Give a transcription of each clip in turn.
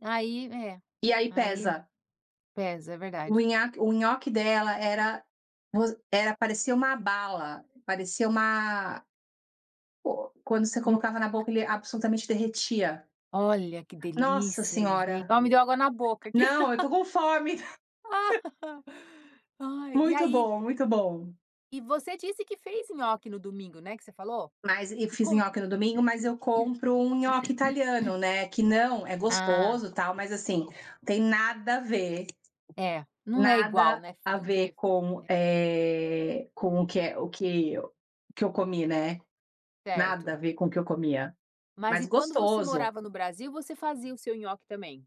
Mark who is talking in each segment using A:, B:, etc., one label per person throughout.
A: Aí é,
B: E aí
A: aí
B: pesa.
A: pesa, é
B: O
A: verdade.
B: nhaque o nhoque dela era [unintelligible] era parecia uma bala, parecia uma o quando você colocava na
A: [unintelligible]
B: boca ele absolutamente derretia.
A: Olha que
B: Nossa
A: delícia, gente.
B: senhora,
A: Ó me deu água na boca aqui.
B: não, eu estou com fome.
A: Ai, e
B: Muito
A: aí
B: bom, muito bom.
A: E você disse que fez nhoque no domingo, né, que você falou?
B: Mas eu
A: E
B: fiz
A: como
B: nhoque no domingo mas eu compro um nhoque italiano, né, que não, é
A: Ah.
B: gostoso tal, mas assim, tem nada a ver,
A: É, não é igual,
B: nada
A: né,
B: a
A: do que
B: ver
A: é.
B: com o que, eh, o que o que eu comi, né. Nada
A: Certo.
B: a ver com o que eu comia,
A: Mas
B: mas
A: e quando você
B: gostoso.
A: morava no Brasil você fazia o seu nhoque também?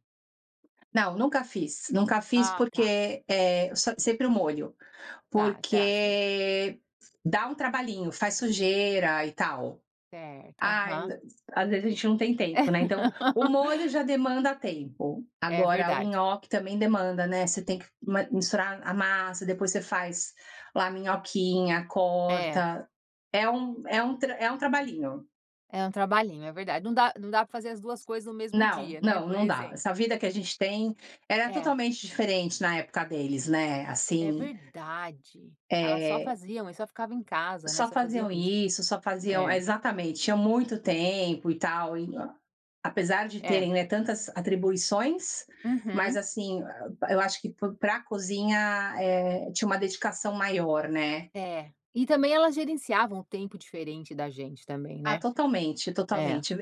B: Não, nunca fiz, nunca fiz,
A: Ah tá.
B: porque, eh, sempre o molho,
A: Tá, tá, sei.
B: porque dá um trabalhinho, faz sujeira e tal.
A: Certo,
B: Ai
A: aham.
B: às vezes a gente não tem
A: É.
B: tempo né, então o molho já demanda tempo,
A: É
B: agora o
A: verdade.
B: nhoque também demanda, né, você tem que misturar a massa depois você faz lá minhoquinha
A: É.
B: corta, é um é um tra é um trabalhinho.
A: É um trabalhinho, é verdade, não dá não dá pra fazer as 2 coisas no mesmo
B: Não,
A: dia, né,
B: não,
A: por
B: não dá.
A: exemplo.
B: Essa vida que a gente tem, era
A: É.
B: totalmente diferente na época deles, né,
A: É
B: assim.
A: verdade, elas só
B: Eh.
A: faziam e só ficavam em casa, né,
B: Só
A: só faziam
B: faziam
A: isso.
B: isso, só faziam
A: É.
B: exatamente, ah, muito tempo e tal, apesar de
A: É.
B: terem, né, tantas atribuições, mas
A: Uhum.
B: assim, eu acho que p pra cozinha tinha, eh, uma dedicação maior, né.
A: É. E também elas gerenciavam o tempo diferente da gente também,
B: Ah
A: né.
B: totalmente,
A: É.
B: totalmente.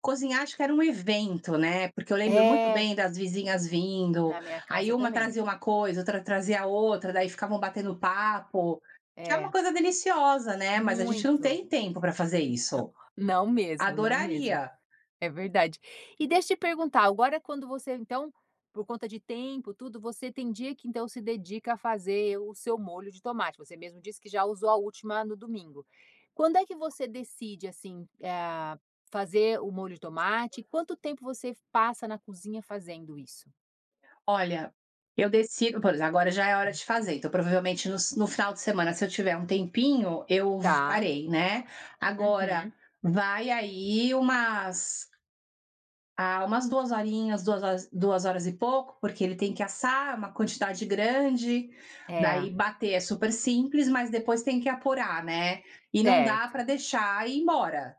B: Cozinhar acho que era um evento, né, porque eu lembro muito
A: É.
B: bem das vizinhas vindo,
A: Na minha
B: aí
A: casa
B: uma
A: também.
B: trazia uma coisa, outra trazia outra, daí ficavam batendo papo, que era uma
A: É.
B: coisa deliciosa, né, mas a gente não
A: Muito
B: tem tempo para fazer
A: [unintelligible]
B: isso.
A: Não, não mesmo, não mesmo.
B: Adoraria.
A: É verdade. E deixa eu te perguntar agora quando você então, por conta de tempo tudo você tem dia que então se dedica a fazer o seu molho de tomate, você mesmo disse que já usou a última no domingo. Quando é que você decide, assim, ah, fazer o molho de tomate, quanto tempo você passa na cozinha fazendo isso?
B: Olha, eu decido, por exemplo, agora já é hora de fazer, então provavelmente no sa no final de semana se eu tiver um tempinho, eu
A: Tá.
B: farei, né, agora,
A: Uhum.
B: vai aí umas ah umas 2 horinhas, duas duas horas e pouco porque ele tem que assar, uma quantidade grande,
A: É.
B: daí bater é super simples mas depois tem que apurar, né, e não dá
A: Certo.
B: para deixar ir embora.